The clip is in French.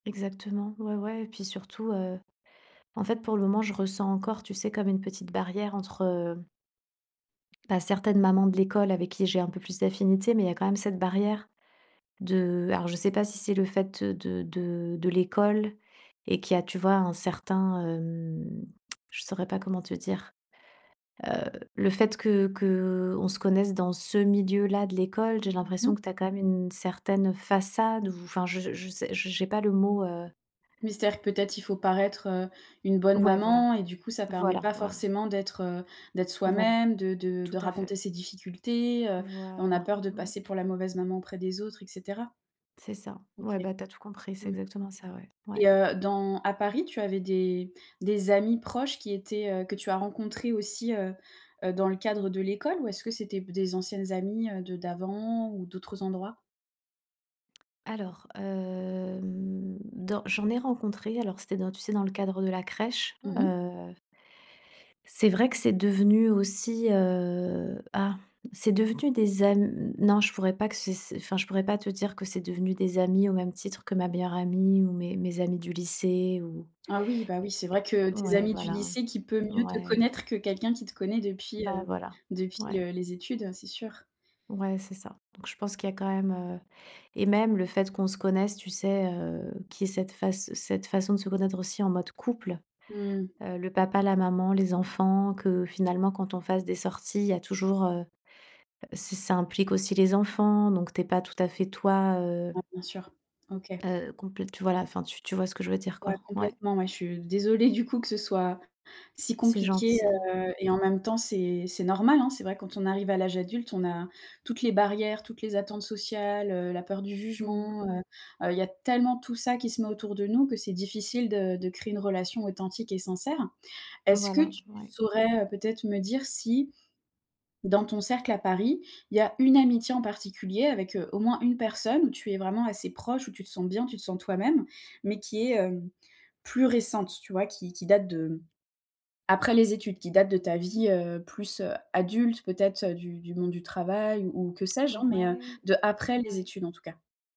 Exactement, ouais, ouais et puis surtout, heu, en fait, pour le moment, je ressens encore, tu sais, comme une petite barrière entre, heu bah, certaines mamans de l'école avec qui, j'ai un peu plus d'affinités, mais il y quand même cette barrière de alors je sais pas si c'est le fait de de de l'école et qui a, tu vois, un certain, hem je saurais pas comment te dire. Heu, le fait que qu'on se connaisse dans ce milieu là de l'école, j'ai Mmh l'impression mh. que tu as quand même une certaine façade ou enfin je je sais, j'ai pas le mot, heu Mystère peut-être il faut paraître, heu, une bonne Ouais, voilà, maman et du coup ça permet voilà, pas voilà. forcément d'être, heu, d'être Voilà, soi-même, de de tout de à raconter fait. ses difficultés, heu, on a Voilà, peur de mmh. passer pour la mauvaise maman auprès des autres et cetera. C'est ça, ouais, OK. bah, tu as tout compris, c'est Mmh exactement ça, ouais. et Ouais. heu, dans à Paris, tu avais des des amies proches qui étaient, heu, que tu as rencontrés aussi, heu heu, dans le cadre de l'école? Ou est-ce que c'était b des anciennes, heu, amies de d'avant ou d'autres endroits? Alors, hem, dans j'en ai rencontré, alors c'était dans tu sais dans le cadre de la crèche, Mmh mh. heu c'est vrai que c'est devenu aussi, heu ah, c'est devenu des am non, je pourrais pas que, c c'est, enfin je pourrais pas te dire que c'est devenu des amis au même titre que ma meilleure amie ou mes amis du lycée ou Ah oui, bah, oui, c'est vrai que é é tes ouais, amies du voilà, lycée, qui peut mieux te ouais. connaître que quelqu'un qui te connaît depuis, Ben heu voilà, depuis, ouais. heu, les études, c'est sûr. Ouais, c'est ça, donc je pense qu'il y a quand même, heu et même le fait qu'on se connaisse, tu sais, heu, qu'il y ait cette face cette façon de se connaître aussi en mode couple. Mmh. Heu, le papa, la maman, les enfants que finalement, quand on fasse des sorties, il y a toujours, heu heu ç ça implique aussi les enfants, donc tu es pas tout à fait toi, heu Ah, bien sûr. OK. heu, compl tu vois la, enfin tu tu vois ce que je veux dire Ouais, quoi? Ouais. complètement ouais, je suis désolée du coup que ce soit, si C'est compliqué, gentil. heu et en même temps, c'est c'est normal hein. C'est vrai quand on arrive à l'âge adulte, on a toutes les barrières, toutes les attentes sociales, heu, la peur du Mmh. jugement, heu heu, il y a tellement tout ça qui se met autour de nous que c'est difficile de de créer une relation authentique et sincère. Est-ce que Voilà, tu ouais. saurais peut-être me dire si, dans ton cercle à Paris, il y a une amitié en particulier avec, heu, au moins une personne où tu es vraiment assez proche, où tu te sens bien, tu te sens toi-même, mais qui est, heu, plus récente, tu vois, qui qui date de après les études, qui date de ta vie, heu, plus, heu, adulte, peut-être du du monde du travail ou que sais-je, hein? Mais heu, Ouais, de après les ouais. études, en tout cas.